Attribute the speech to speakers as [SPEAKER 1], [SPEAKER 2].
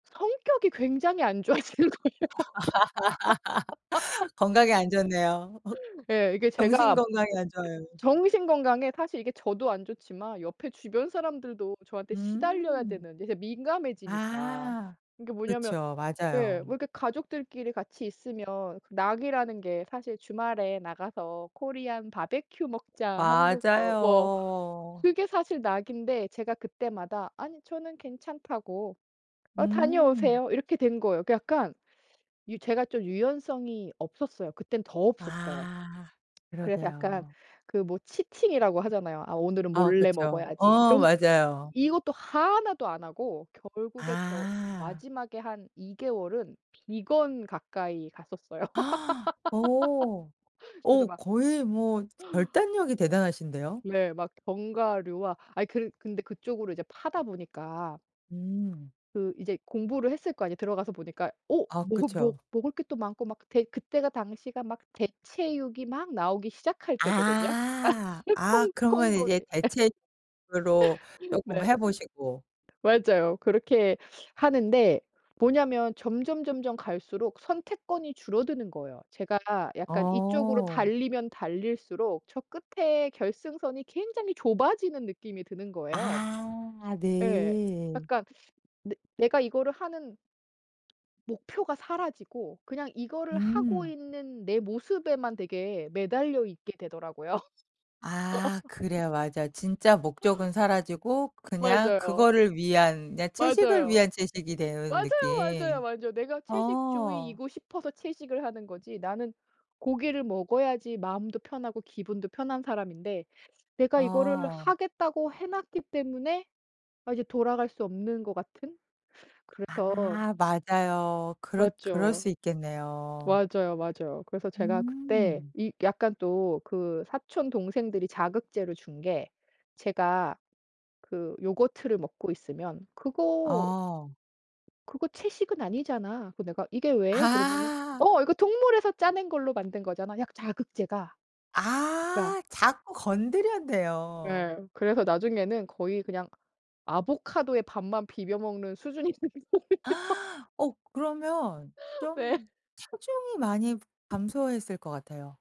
[SPEAKER 1] 성격이 굉장히 안 좋아지는 거예요.
[SPEAKER 2] 건강에 안 좋네요. 흑
[SPEAKER 1] 예. 이게
[SPEAKER 2] 정신
[SPEAKER 1] 제가
[SPEAKER 2] 건강에 안 좋아요.
[SPEAKER 1] 정신 건강에 사실 이게 저도 안 좋지만 옆에 주변 사람들도 저한테 시달려야
[SPEAKER 2] 음.
[SPEAKER 1] 되는 이제 민감해지니까.
[SPEAKER 2] 아
[SPEAKER 1] 이게 뭐냐면
[SPEAKER 2] 그쵸.
[SPEAKER 1] 예.
[SPEAKER 2] 맞아요.
[SPEAKER 1] 뭐 이렇게 가족들끼리 같이 있으면 낙이라는 게 사실 주말에 나가서 코리안 바베큐 먹자 한국 뭐 뭐
[SPEAKER 2] 맞아요.
[SPEAKER 1] 그게 사실 낙인데 제가 그때마다 아니 저는 괜찮다고 "어
[SPEAKER 2] 음.
[SPEAKER 1] 다녀오세요." 이렇게 된 거예요. 그러니까 약간 제가 좀 유연성이 없었어요. 그땐 더 없었어요.
[SPEAKER 2] 아
[SPEAKER 1] 그래서 약간
[SPEAKER 2] 그러게요.
[SPEAKER 1] 그 뭐 치팅이라고 하잖아요. 아 오늘은
[SPEAKER 2] 아
[SPEAKER 1] 몰래
[SPEAKER 2] 그쵸.
[SPEAKER 1] 먹어야지.
[SPEAKER 2] 어
[SPEAKER 1] 이런
[SPEAKER 2] 맞아요.
[SPEAKER 1] 이것도 하나도 안 하고 결국에 저
[SPEAKER 2] 아.
[SPEAKER 1] 마지막에 한 2 개월은 비건 가까이 갔었어요.
[SPEAKER 2] 어.
[SPEAKER 1] 그래서
[SPEAKER 2] 어
[SPEAKER 1] 막
[SPEAKER 2] 거의 뭐 결단력이 대단하신데요.
[SPEAKER 1] 네. 막 견과류와 아니 그 근데 그쪽으로 이제 파다 보니까
[SPEAKER 2] 음.
[SPEAKER 1] 그 이제 공부를 했을 거 아니에요. 들어가서 보니까. 어
[SPEAKER 2] 아
[SPEAKER 1] 뭔가 머
[SPEAKER 2] 그쵸.
[SPEAKER 1] 먹을 게 또 많고 막 대 그때가 당시가 막 대체육이 막 나오기 시작할 때거든요?
[SPEAKER 2] 아. 아
[SPEAKER 1] 콩
[SPEAKER 2] 그러면 이제
[SPEAKER 1] 콩고기.
[SPEAKER 2] 대체육으로 조금
[SPEAKER 1] 네.
[SPEAKER 2] 해보시고.
[SPEAKER 1] 맞아요. 그렇게 하는데 뭐냐면 점점 점점 갈수록 선택권이 줄어드는 거예요. 제가 약간 이쪽으로
[SPEAKER 2] 어.
[SPEAKER 1] 달리면 달릴수록 저 끝에 결승선이 굉장히 좁아지는 느낌이 드는 거예요.
[SPEAKER 2] 아
[SPEAKER 1] 예.
[SPEAKER 2] 네.
[SPEAKER 1] 약간 내 내가 이거를 하는 목표가 사라지고 그냥 이거를 하고
[SPEAKER 2] 음.
[SPEAKER 1] 있는 내 모습에만 되게 매달려 있게 되더라고요.
[SPEAKER 2] 아 그래요. 맞아요. 진짜 목적은 사라지고 그냥
[SPEAKER 1] 맞아요.
[SPEAKER 2] 그거를 위한, 그냥 채식을
[SPEAKER 1] 맞아요.
[SPEAKER 2] 위한 채식이 되는
[SPEAKER 1] 맞아요, 맞아요,
[SPEAKER 2] 느낌.
[SPEAKER 1] 맞아요. 내가
[SPEAKER 2] 어.
[SPEAKER 1] 채식주의이고 싶어서 채식을 하는 거지. 나는 고기를 먹어야지 마음도 편하고 기분도 편한 사람인데 내가 이거를
[SPEAKER 2] 아.
[SPEAKER 1] 하겠다고 해놨기 때문에 아 이제 돌아갈 수 없는 것 같은. 그래서
[SPEAKER 2] 아 맞아요. 그렇 그럴
[SPEAKER 1] 맞죠.
[SPEAKER 2] 수 있겠네요.
[SPEAKER 1] 맞아요, 맞아요. 그래서 제가 그때
[SPEAKER 2] 음.
[SPEAKER 1] 이 약간 또 그 사촌 동생들이 자극제를 준 게 제가 그 요거트를 먹고 있으면 "그거"
[SPEAKER 2] 아.
[SPEAKER 1] "...그거 채식은 아니잖아." 그 내가 "이게 왜?" 그러면은
[SPEAKER 2] 아.
[SPEAKER 1] "어 이거 동물에서 짜낸 걸로 만든 거잖아." 약 자극제가 그니까.
[SPEAKER 2] 아 자꾸 건드렸네요.
[SPEAKER 1] 예. 그래서 나중에는 거의 그냥 아보카도에 밥만 비벼 먹는 수준이 됐어요.
[SPEAKER 2] 어 그러면
[SPEAKER 1] 네.
[SPEAKER 2] 좀 체중이 많이 감소했을 것 같아요.